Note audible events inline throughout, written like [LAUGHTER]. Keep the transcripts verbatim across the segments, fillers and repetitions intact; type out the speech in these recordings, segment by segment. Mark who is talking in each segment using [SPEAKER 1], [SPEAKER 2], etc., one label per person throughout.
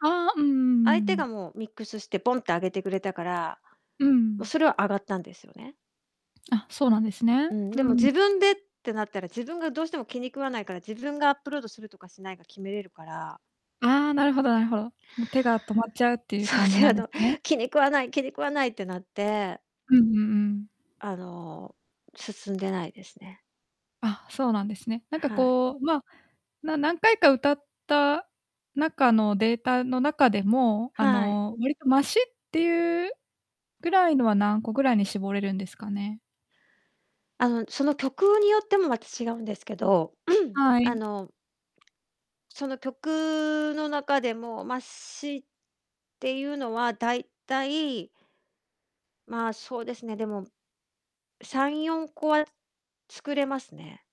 [SPEAKER 1] ああ、うんうん
[SPEAKER 2] 相
[SPEAKER 1] う
[SPEAKER 2] 手
[SPEAKER 1] んうん。
[SPEAKER 2] がもうミックスしてボンってあげてくれたから、
[SPEAKER 1] う
[SPEAKER 2] も、
[SPEAKER 1] ん。
[SPEAKER 2] それは、あがったんですよね。
[SPEAKER 1] あ、そうなんですね。
[SPEAKER 2] うん、
[SPEAKER 1] う
[SPEAKER 2] でも、
[SPEAKER 1] ん。
[SPEAKER 2] 自分でってなったら、自分がどうしても気に食わないから、自分がアップロードするとかしないか決めれるから
[SPEAKER 1] ああ、なるほどなるほど。もう、手が止まっちゃうっていう
[SPEAKER 2] そう、
[SPEAKER 1] 感じ
[SPEAKER 2] 手
[SPEAKER 1] なんで
[SPEAKER 2] が
[SPEAKER 1] す
[SPEAKER 2] 止
[SPEAKER 1] ね。
[SPEAKER 2] ま気に食わない気に食わないってなって
[SPEAKER 1] うん、ううん。
[SPEAKER 2] あの、進んでないですね。
[SPEAKER 1] あ、そうなんですね。なんか
[SPEAKER 2] はい。
[SPEAKER 1] こう、まあ、な何回か歌った中のデータの中でも、あ
[SPEAKER 2] はい。
[SPEAKER 1] の、割とマシっていうぐらいのは、何個ぐらいに絞れるんですかね？
[SPEAKER 2] あの、その、曲によってもまた違うんですけど、
[SPEAKER 1] は
[SPEAKER 2] [CLEARS THROAT] あ
[SPEAKER 1] い。
[SPEAKER 2] のその曲の中でも、マシっていうのは、大体まあ、そうですね、でもさんよんこは作れますね。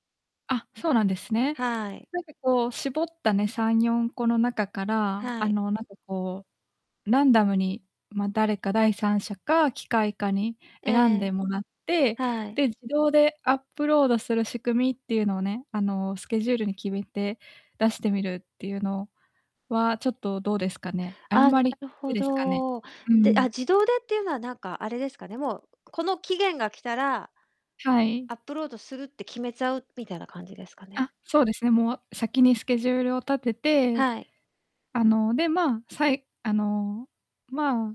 [SPEAKER 1] あ、そうなんですね。
[SPEAKER 2] はい。
[SPEAKER 1] なんかこう、絞ったね、さんよんこの中から、
[SPEAKER 2] は
[SPEAKER 1] あ
[SPEAKER 2] い。
[SPEAKER 1] の、なんかこう、ランダムに、ま、誰か、第三者か機械かに
[SPEAKER 2] え
[SPEAKER 1] 選んで
[SPEAKER 2] え。
[SPEAKER 1] もらって、
[SPEAKER 2] はい。
[SPEAKER 1] で、自動でアップロードする仕組みっていうのをね、あの、スケジュールに決めて出してみるっていうのは、ちょっとどうですかね？あん
[SPEAKER 2] あ、
[SPEAKER 1] ま
[SPEAKER 2] な
[SPEAKER 1] り
[SPEAKER 2] る
[SPEAKER 1] [UNINTELLIGIBLE]
[SPEAKER 2] ほ
[SPEAKER 1] いですかね？
[SPEAKER 2] ど、
[SPEAKER 1] うんう
[SPEAKER 2] で、あ、
[SPEAKER 1] ん。
[SPEAKER 2] 自動でっていうのはなんかあれですかね、もう、この期限が来たら、
[SPEAKER 1] はい。
[SPEAKER 2] アップロードするって決めちゃうみたいな感じですかね？
[SPEAKER 1] あ、そうですね、もう先にスケジュールを立てて、
[SPEAKER 2] はい。
[SPEAKER 1] あの、で、まあ、さいあの、ま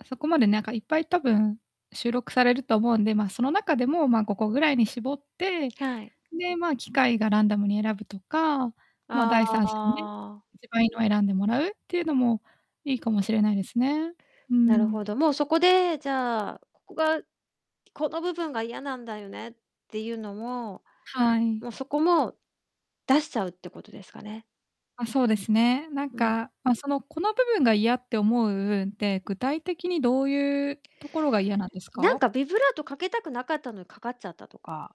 [SPEAKER 1] あ、そこまで、なんか、いっぱい、多分収録されると思うんで、まあ、その中でも、ま、ごこぐらいに絞って、
[SPEAKER 2] はい。
[SPEAKER 1] で、まあ、機械がランダムに選ぶとか、ま、第
[SPEAKER 2] あ
[SPEAKER 1] 三者にね、
[SPEAKER 2] あ。
[SPEAKER 1] 一番いいのを選んでもらうっていうのもいいかもしれないですね。う
[SPEAKER 2] なるほ
[SPEAKER 1] ん。
[SPEAKER 2] ど。もう、そこで、じゃあ、ここが、この部分が嫌なんだよねっていうのも、
[SPEAKER 1] はい。
[SPEAKER 2] もう、そこも、出しちゃうってことですかね？
[SPEAKER 1] あ、そうですね。なん
[SPEAKER 2] うん。
[SPEAKER 1] か、ま、その、この部分が嫌って思う部分って、具体的にどういうところが嫌なんです
[SPEAKER 2] なん
[SPEAKER 1] か？
[SPEAKER 2] か、ビブラートかけたくなかったのにかかっちゃったとか